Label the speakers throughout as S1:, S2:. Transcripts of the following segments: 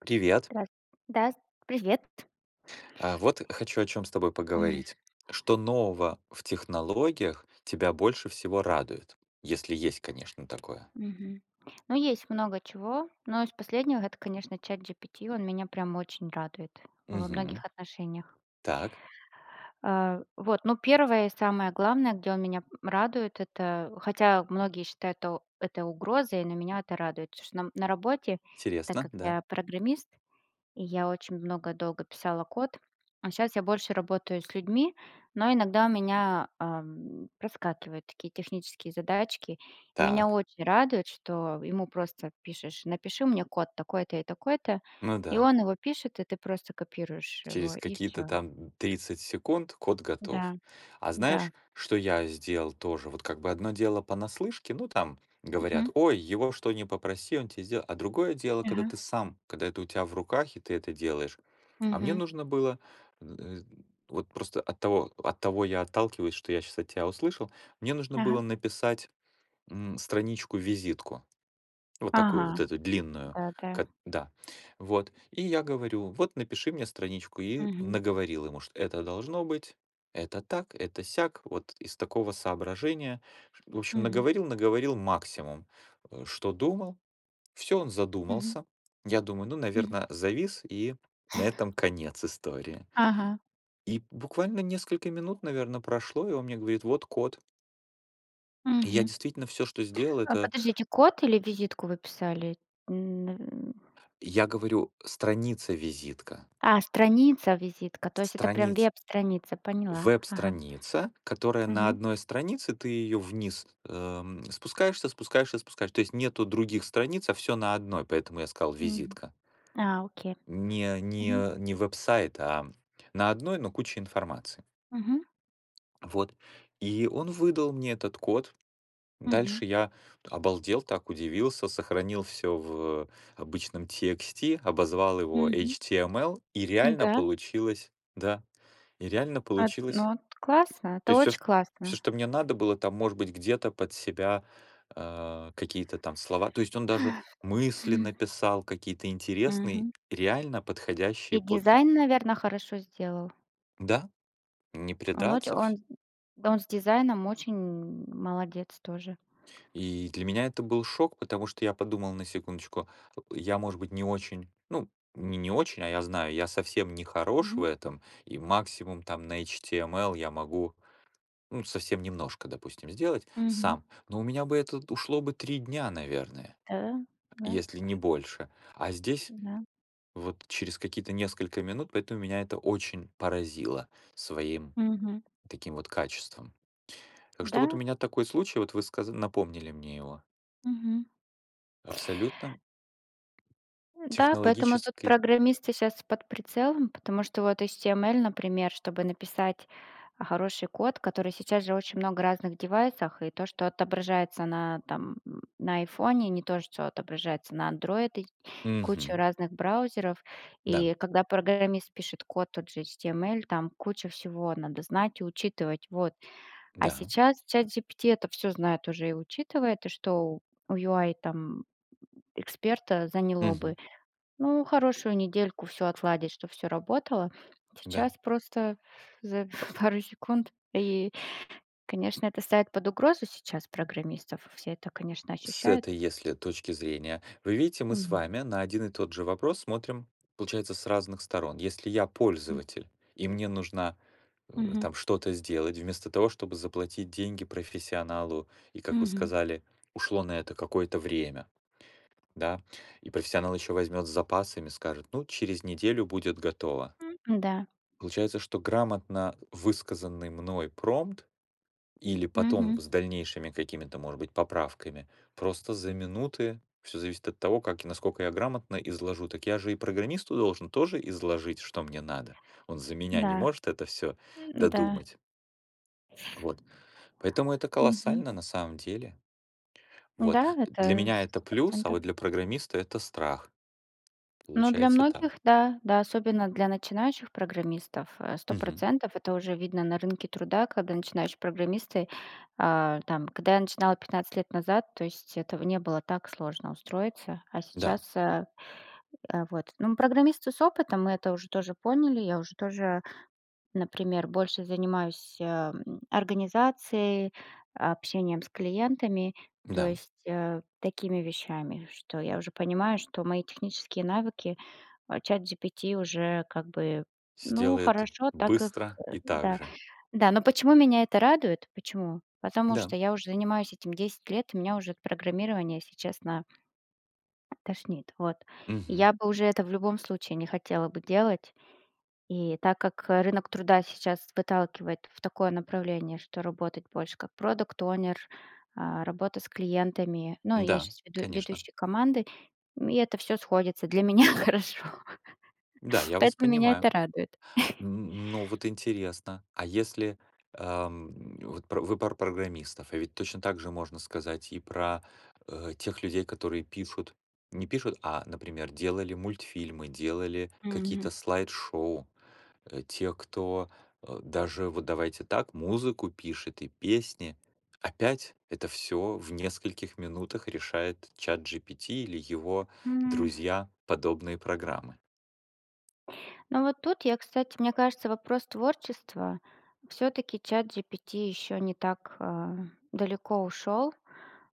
S1: Привет.
S2: Здрас да, привет.
S1: А. Вот хочу о чём с тобой
S2: Мгм.
S1: поговорить. Что нового в технологиях тебя больше всего радует? Если есть, конечно, такое.
S2: Мгм, ну, есть много чего, но из последнего это, конечно, ChatGPT, он меня прям очень радует во
S1: Мгм.
S2: многих отношениях.
S1: Так.
S2: А, вот, ну, первое и самое главное, где он меня радует- это хотя многие считают, что это угрозой, но меня это радует, [unintelligible] на работе, так
S1: Интересно.
S2: как
S1: Да.
S2: я программист, и я очень много, долго писала код, а щас я больше работаю с людьми, но иногда у меня, эм, проскакивают такие технические задачки. Меня
S1: Так.
S2: очень радует, что ему просто пишешь: "Напиши мне код такой-то и такой-то",-
S1: Ну
S2: и
S1: да.
S2: он его пишет, и ты просто копируешь его,
S1: Через
S2: и
S1: какие-то
S2: всё.
S1: там 30 секунд код
S2: Да,
S1: готов. А знаешь,
S2: да.
S1: что я сделал тоже? Вот как бы одно дело понаслышке, ну, там говорят:
S2: Мгм.
S1: "Ой, его что ни попроси, он тебе сдела" А другое дело, когда
S2: Ага.
S1: ты сам, когда это у тебя в руках, и ты это делаешь. А мне
S2: Мгм.
S1: нужно было, э, вот просто от того, от того я отталкиваюсь, что я щас от тя услышал, мне нужно
S2: Ага.
S1: было написать, м, страничку-визитку, вот
S2: Ага,
S1: такую вот эту длинную,
S2: да да.
S1: ка да. Вот, и я говорю: "Вот напиши мне страничку". И
S2: Мгм.
S1: наговорил ему, что это должно быть, это так, это сяк, вот из такого соображения, в общем,
S2: Мгм.
S1: наговорил наговорил максимум, э, что думал. Всё, он
S2: Мгм.
S1: задумался. Я думаю: "Ну,
S2: Мгм.
S1: наверно, завис, и на этом конец истории".
S2: Ага.
S1: И буквально несколько минут, наверно, прошло, и он мне говорит: "Вот код". Я
S2: Мгм.
S1: действительно всё, что сделал,
S2: А
S1: это
S2: подождите, код или визитку вы писали н?
S1: Я говорю: "Страница-визитка".
S2: А, страница-визитка. То есть это прям
S1: Страница.
S2: веб-страница, поняла, ага.
S1: Веб-страница, которая на
S2: Мгм.
S1: 1 странице, ты её вниз, эм, спускаешься, спускаешься, спускаешься. То есть нету других страниц, а всё на 1, поэтому я сказал:
S2: Мгм,
S1: "Визитка".
S2: а, окей,
S1: Не,
S2: мгм.
S1: не не веб-сайт, а на 1, но куча информации.
S2: Мгм.
S1: Вот, и он выдал мне этот код.
S2: Мгм.
S1: Дальше я т обалдел так, удивился, сохранил всё в обычном TXT, обозвал его
S2: Мгм.
S1: HTML, и реально
S2: Да.
S1: получилось, да, и реально
S2: Ат но
S1: получилось.
S2: от классно,
S1: То
S2: это
S1: есть всё
S2: очень
S1: чт всё,
S2: классно.
S1: что мне надо было там, может быть, где-то под себя, а, какие-то там слова. То есть он даже мысли написал, какие-то интересные,
S2: Мгм.
S1: реально
S2: И
S1: подходящие под
S2: дизайн, наверно, хорошо сделал?
S1: Да, не
S2: Он оч
S1: предаться
S2: он
S1: всь
S2: да он с дизайном очень молодец тоже.
S1: И для меня это был шок, потому что я подумал на секундочку. Я, может быть, не очень, ну, не не очень, а я знаю, я совсем не хорош в
S2: Мгм.
S1: этом, и максимум там на HTML я могу, ну, совсем немножко, допустим, сделать
S2: Мгм.
S1: сам. Но у меня бы на это ушло бы 3 дня, наверное,
S2: Да да.
S1: если не больше. А здесь
S2: Да.
S1: вот через какие-то несколько минут, поэтому меня это очень поразило своим
S2: Мгм.
S1: таким вот качеством. Так что вот у
S2: Да.
S1: меня такой случай, вот вы сказа напомнили мне его.
S2: Мгм.
S1: Абсолютно.
S2: Да, поэтому тут
S1: Технологически
S2: программисты щас под прицелом. Потому что, вот HTML, например, чтобы написать хороший код, который сейчас же очень много разных девайсах. И то, что отображается на, там, на айфоне, не то что отображается на Android и, куча
S1: Мгм.
S2: разных браузеров.
S1: Да.
S2: И когда программист пишет код тот же HTML, там куча всего надо знать и учитывать, вот. А
S1: Да.
S2: сейчас Chat GPT это всё знает уже и учитывает, и что у UI, там, эксперта заняло
S1: Мгм.
S2: бы, ну, хорошую недельку всё отладить, чтоб всё работало. Сейчас
S1: Да.
S2: просто за пару секунд. И, конечно, это ставит под угрозу сейчас программистов. Все это, конечно,
S1: С
S2: ощущают.
S1: этой если точки зрения, вы видите, мы с
S2: Мгм.
S1: вами на один и тот же вопрос смотрим, получается, с разных сторон. Если я
S2: М.
S1: пользователь, и мне нужна, э,
S2: Мгм.
S1: там что-то сделать, вместо того чтобы заплатить деньги профессионалу, и, как вы
S2: Мгм.
S1: сказали, ушло на это какое-то время, да. И профессионал ещё возьмёт с запасом и скажет: "Ну, через неделю будет готово".
S2: Да.
S1: Получается, что грамотно высказанный мной промпт или потом
S2: Мгм.
S1: в з дальнейшими какими-то, может быть, поправками просто за минуты всё зависит от того, как и насколько я грамотно изложу. Так я же и программисту должен тоже изложить, что мне надо. Он за меня не
S2: Да,
S1: может это всё
S2: м, да.
S1: додумать. Вот, поэтому это
S2: Мгм.
S1: колоссально на самом деле. Вот,
S2: Да,
S1: для
S2: это
S1: меня это
S2: сто
S1: плюс, а
S2: процентов.
S1: вот для программиста это страх.
S2: Но, для
S1: Получается так.
S2: многих да, да, особенно для начинающих программистов, э, сто
S1: Мгм.
S2: процентов это уже видно на рынке труда. Когда начинающие программисты, а, там, когда я начинала 15 лет назад, то есть этого не было так сложно устроиться, а
S1: Да.
S2: сейчас, э, вот. Ну, м, программисты с опытом, мы это уже тоже поняли. Я уже тоже, например, больше занимаюсь, э, организацией, общением с клиентами, то
S1: Да.
S2: есть, э, такими вещами. Что я уже понимаю, что мои технические навыки, а, "Чат GPT" уже как бы, ну,
S1: Сделает
S2: хорошо так их,
S1: быстро и так
S2: да.
S1: же.
S2: Да, но почему меня это радует? Почему? Потому
S1: Да.
S2: что я уже занимаюсь этим 10 лет, и меня уже программирование сейчас на Тошнит, вот.
S1: Мгм.
S2: Я бы уже это в любом случае не хотела бы делать. И так как, э, рынок труда сейчас выталкивает в такое направление, что работать больше как product owner, а, работа с клиентами. Ну, я
S1: Да,
S2: щас веду
S1: конечно.
S2: ведущий команды, и это всё сходится. Для меня хорошо,
S1: Да, я вас
S2: поэтому меня
S1: понимаю.
S2: это радует.
S1: Н ну, вот интересно. А если, эм, вот вы пор программистов? А ведь точно так же можно сказать и про, э, тех людей, которые пишут не пишут, а, например, делали мультфильмы, делали
S2: Мгм.
S1: какие-то слайд-шоу. Э. Те, кто, э, даже вот, давайте так, музыку пишет и песни опять. Это всё в нескольких минутах решает "Чат Джи-пи-ти" или его
S2: М.
S1: друзья, подобные программы.
S2: Ну, вот тут я, кстати, мне кажется, вопрос творчества. Всё-таки ChatGPT ещё не так, э, далеко ушёл,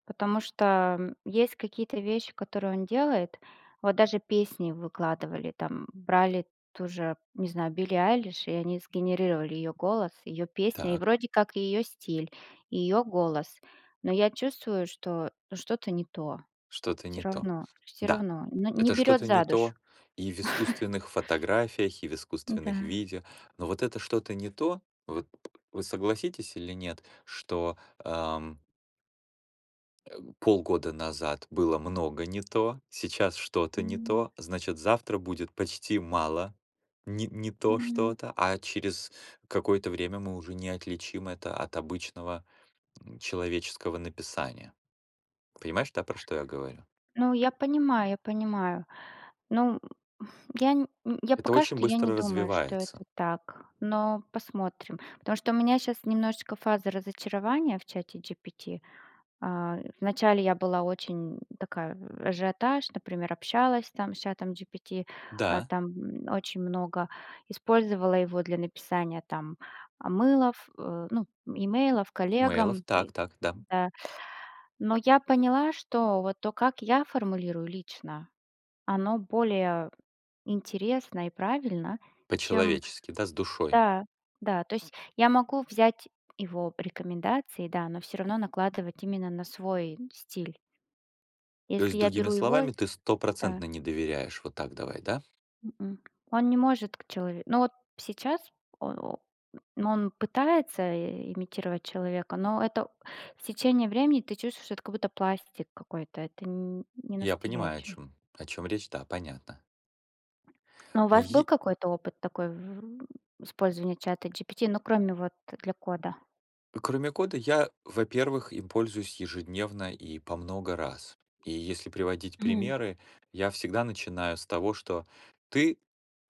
S2: потому что есть какие-то вещи, которые он делает. Вот даже песни выкладывали, там, брали ту же, не знаю, Билли Айлиш, и они сгенерировали её голос, её песни, и
S1: Так.
S2: вроде как её стиль, её голос, но я чувствую, что что-то не то.
S1: Что-то
S2: Всё
S1: не то.
S2: равно всё
S1: Да,
S2: равно. Ну, не
S1: это
S2: берёт
S1: что-то не
S2: за
S1: то
S2: душу.
S1: и в искусственных фотографиях, и в искусственных
S2: Да.
S1: видео. Но вот это что-то не то, вот вы согласитесь или нет, что, ам Э, полгода назад было много не то, сейчас что-то не
S2: М.
S1: то, значит, завтра будет почти мало не не то
S2: М.
S1: что-то, а через какое-то время мы уже не отличим это от обычного, м, человеческого написания. Понимаешь, да, про что я говорю?
S2: Ну, я понимаю я понимаю. Ну, м я не я
S1: Это
S2: пока
S1: очень
S2: что я не
S1: быстро
S2: думаю, что
S1: развивается.
S2: это так, но посмотрим. Потому что у меня щас немножечко фаза разочарования в Чате GPT. А вначале я была очень такая ажиотаж, например, общалась там с Чатом GPT, э,
S1: Да.
S2: там очень много. Использовала его для написания, там, мылов, ну, имейлов
S1: Имейлов,
S2: коллегам, и
S1: так так, да.
S2: да. Но я поняла, что вот то, как я формулирую лично, оно более интересно и правильно, чем
S1: По-человечески, да, с душой.
S2: да, да, то есть я могу взять его рекомендации, да, но всё равно накладывать именно на свой стиль.
S1: То
S2: Если
S1: есть,
S2: я
S1: другими
S2: беру его
S1: словами, ты
S2: да.
S1: стопроцентно не доверяешь, вот так давай, да?
S2: М-м, он не может к человеку ну, вот сейчас о о ну, он пытается и имитировать человека, но это с течением времени ты чувствуешь, что это как будто пластик какой-то, это н
S1: Я понимаю, о
S2: ненастоящее.
S1: чём о чём речь, да, понятно.
S2: А, у вас был
S1: Й
S2: какой-то опыт такой в в использовании Чата GPT, ну, кроме вот для кода?
S1: Кроме кода, я, во-первых, им пользуюсь ежедневно и по много раз, и если приводить
S2: Хм.
S1: примеры, я всегда начинаю с того, что ты,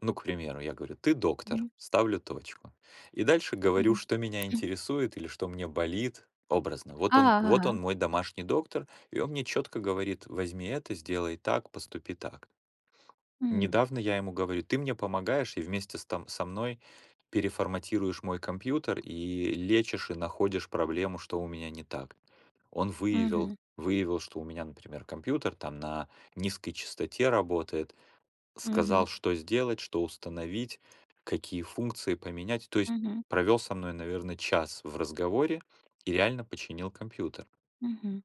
S1: ну, к примеру, я говорю: "Ты доктор",
S2: М.
S1: ставлю точку, и дальше говорю,
S2: Мгм,
S1: что меня
S2: м.
S1: интересует или что у меня болит, образно. Вот он
S2: А,
S1: вот он,
S2: ага.
S1: мой домашний доктор, и он мне четко говорит: "Возьми это, сделай так, поступи так".
S2: М.
S1: Недавно я ему говорю: "Ты мне помогаешь и вместе с там со мной переформатируешь мой компьютер, и лечишь, и находишь проблему, что у меня не так". Он выявил
S2: Мгм.
S1: выявил, что у меня, например, компьютер, там, на низкой частоте работает, сказал,
S2: Мгм.
S1: что сделать, что установить, какие функции поменять, то есть
S2: Мгм.
S1: провел со мной, наверное, час в разговоре и реально починил компьютер.
S2: Мгм.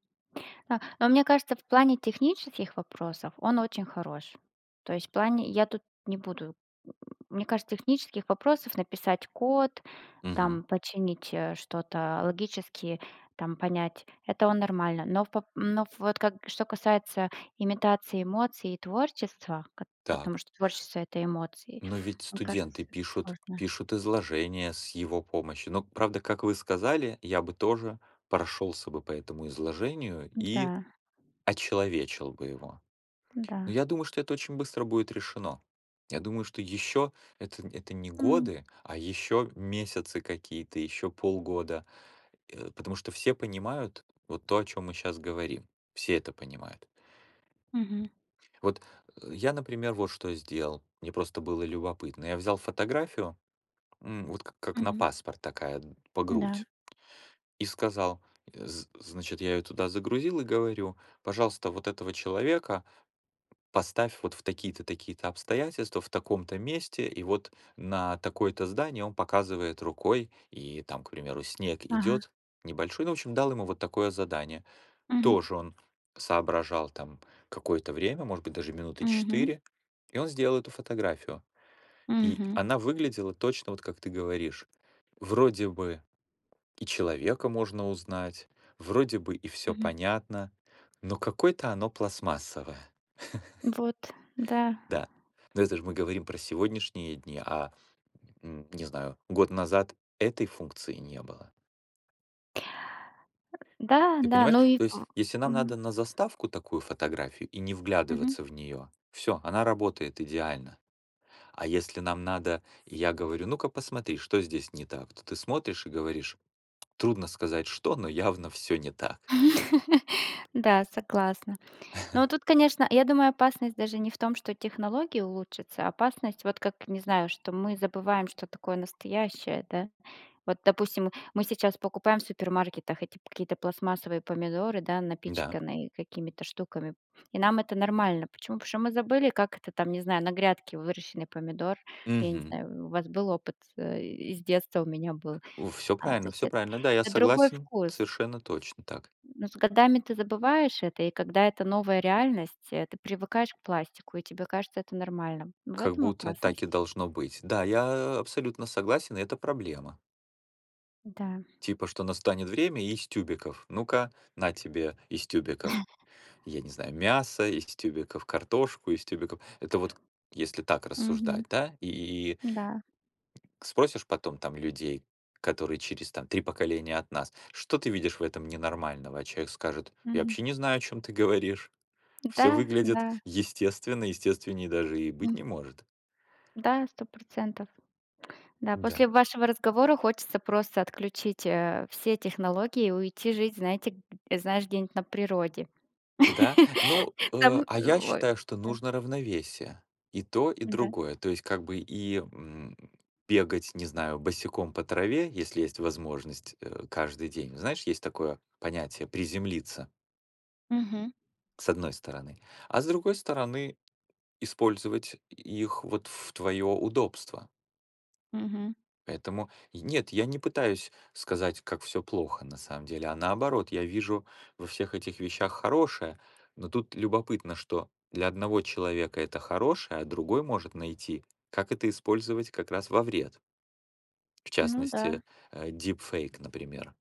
S2: А, но мне кажется, в плане технических вопросов он очень хорош. То есть в плане я тут не буду м мне кажется, технических вопросов: написать код,
S1: Мгм.
S2: там, починить, э, что-то логически, там, понять это он нормально. Но, в по но вот как что касается имитации эмоций и творчества, как потому
S1: Так.
S2: что творчество- это эмоции,
S1: Но ведь
S2: мне
S1: студенты
S2: кажется, это
S1: пишут
S2: сложно.
S1: пишут изложения с его помощью. Но, вот правда, как вы сказали, я бы тоже прошелся бы по этому изложению и
S2: М-да.
S1: очеловечил бы его. Но
S2: М-да.
S1: я думаю, что это очень быстро будет решено. Я думаю, что еще это это не
S2: М.
S1: годы, а еще месяцы какие-то, еще полгода, э, потому что все понимают вот то, о чём мы щас говорим. Все это понимают.
S2: Мгм.
S1: Вот я, например, вот что сделал. Мне просто было любопытно. Я взял фотографию, м, вот к как на
S2: Мгм.
S1: паспорт такая, по
S2: М-да.
S1: грудь, и сказал, з значит, я её туда загрузил и говорю: "Пожалуйста, вот этого человека поставь вот в такие-то, такие-то обстоятельства, в таком-то месте, и вот на такое-то здание он показывает рукой, и там, к примеру, снег
S2: Ага.
S1: идёт небольшой". Ну, в общем, дал ему вот такое задание.
S2: Мгм.
S1: Тоже он соображал там какое-то время, может быть, даже минуты
S2: Мгм.
S1: 4, и он сделал эту фотографию. И
S2: Мгм.
S1: она выглядела точно вот как ты говоришь. Вроде бы и человека можно узнать, вроде бы и всё
S2: Мгм.
S1: понятно, но какое-то оно пластмассовое.
S2: Вот, да.
S1: Да, но это ж мы говорим про сегодняшние дни, а, нь не знаю, год назад этой функции не было.
S2: Э, да,
S1: Ты
S2: да,
S1: понимаешь,
S2: ну и
S1: то есть,
S2: в
S1: если нам надо
S2: мгм.
S1: на заставку такую фотографию и не
S2: Мгм.
S1: вглядываться в неё, всё, она работает идеально. А если нам надо, я говорю: "Ну-ка посмотри, что здесь не так", то ты смотришь и говоришь: "Трудно сказать что, но явно всё не так".
S2: Да, согласна. Но вот тут, конечно, я думаю, опасность даже не в том, что технологии улучшатся, опасность вот как, не знаю, что мы забываем, что такое настоящее, да? Вот, допустим, мы мы сейчас покупаем в супермаркетах эти какие-то пластмассовые помидоры, да,
S1: Да.
S2: напичканные какими-то штуками, и нам это нормально. Почему? Потому что мы забыли, как это там, не знаю, на грядке выращенный помидор. Я не
S1: Мгм.
S2: знаю, у вас был опыт, э, из детства у меня был.
S1: Уф, всё
S2: А, то
S1: правильно
S2: есть
S1: всё
S2: это
S1: правильно. Да, я
S2: это другой
S1: согласен,
S2: вкус.
S1: совершенно точно так.
S2: Но с годами ты забываешь это, и когда это новая реальность, э, ты привыкаешь к пластику, и тебе кажется это нормальным. В
S1: Как
S2: этом
S1: будто
S2: опасность.
S1: так и должно быть. Да, я, э абсолютно согласен, и это проблема.
S2: Да.
S1: Типа, что настанет время из тюбиков, ну-ка, на тебе из тюбиков. Я не знаю, мясо из тюбиков, картошку из тюбиков. Это вот если так
S2: Мгм,
S1: рассуждать, да? И и и
S2: да.
S1: к спросишь потом там людей, которые через там 3 поколения от нас: "Что ты видишь в этом ненормального?"- а человек скажет: "Я
S2: Мгм.
S1: вообще не знаю, о чём ты говоришь. Всё
S2: Да,
S1: выглядит
S2: да.
S1: естественно, естественнее даже и быть
S2: М.
S1: не может".
S2: Да, 100 %. Да, после
S1: Да.
S2: вашего разговора хочется просто отключить, а, все технологии и уйти жить, знаете, г знаешь, где-нибудь на природе.
S1: Да? Ну, э,
S2: Там
S1: а я
S2: во.
S1: считаю, что
S2: [unintelligible]
S1: нужно равновесие. И то, и
S2: Да.
S1: другое. То есть как бы и, м, бегать, не знаю, босиком по траве, если есть возможность, э, каждый день. Знаешь, есть такое понятие- приземлиться?
S2: Мгм.
S1: С одной стороны. А с другой стороны, использовать их вот в твоё удобство.
S2: Мгм.
S1: Поэтому нет, я не пытаюсь сказать, как всё плохо на самом деле, а наоборот, я вижу во всех этих вещах хорошее. Но тут любопытно, что для одного человека это хорошее, а другой может найти, как это использовать, как раз, во вред. В
S2: Ну да.
S1: частности, э, дипфейк, например.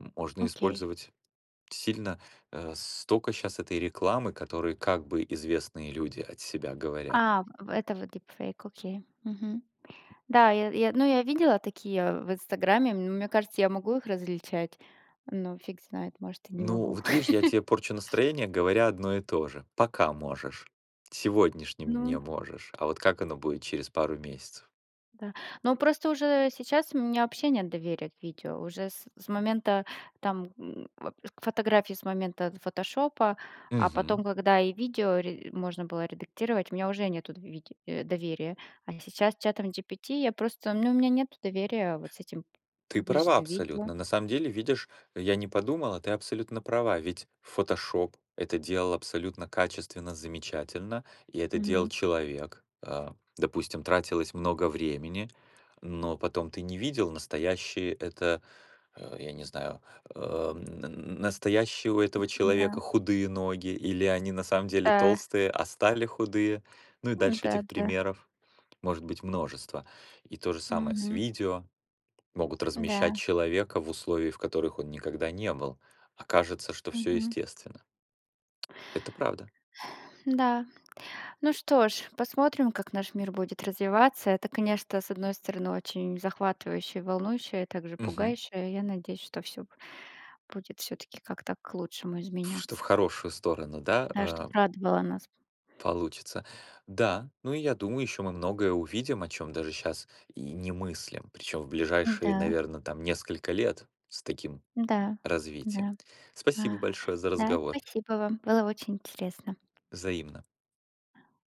S1: М можно
S2: Окей.
S1: использовать сильно, э, стока щас этой рекламы, которой, как бы, известные люди от себя говорят.
S2: А, в это вот дипфейк, окей, мгм. Да, я я ну, я видела такие в "Инстаграме". Мне кажется, я могу их различать, но фиг знает, может и не
S1: Ну,
S2: могу.
S1: вот видишь, я те порчу настроение, говоря одно и то же: "Пока можешь. Сегодняшнем
S2: Ну
S1: дне можешь". А вот как оно будет через пару месяцев?
S2: да. Но просто уже сейчас у меня вообще нет доверия к видео. Уже с момента, там, фотографии с момента "Фотошопа", а потом,
S1: Мгм.
S2: когда и видео ре можно было редактировать, у меня уже нету дви доверия. А сейчас с чатом GPT я просто ну, у меня нету доверия вот с этим
S1: Ты права
S2: публичным видео.
S1: абсолютно. На самом деле, видишь, я не подумал, а ты абсолютно права. Ведь "Фотошоп" это делал абсолютно качественно, замечательно, и это делал
S2: Мгм.
S1: человек. Э, допустим, тратилось много времени, но потом ты не видел, настоящие это, я не знаю, м, настоящие у этого человека
S2: Да.
S1: худые ноги, или они на самом деле,
S2: Да.
S1: толстые, а стали худые. Ну, и
S2: Ну
S1: дальше этих
S2: да-да.
S1: примеров может быть множество. И то же самое с
S2: Мгм.
S1: видео. Могут размещать
S2: Да.
S1: человека в условиях, в которых он никогда не был, а кажется, что всё
S2: Мгм.
S1: естественно. Это правда.
S2: Да. Ну что ж, посмотрим, как наш мир будет развиваться. Это, конечно, с одной стороны, очень захватывающее и волнующее, и также
S1: Мгм.
S2: пугающее. Я надеюсь, что всё бу будет всё-таки как-то к лучшему
S1: Фш что в
S2: изменяться.
S1: хорошую сторону, да,
S2: Да, чтоб
S1: э
S2: радовало нас.
S1: получится. Да. Ну, и я думаю, ещё мы многое увидим, о чём даже щас и не мыслим. Причём, в ближайшие,
S2: М-да.
S1: наверно, там, несколько лет. С таким
S2: Да.
S1: развитием.
S2: Да.
S1: Спасибо
S2: Ага.
S1: большое за
S2: Да,
S1: разговор.
S2: спасибо вам, было очень интересно.
S1: Взаимно.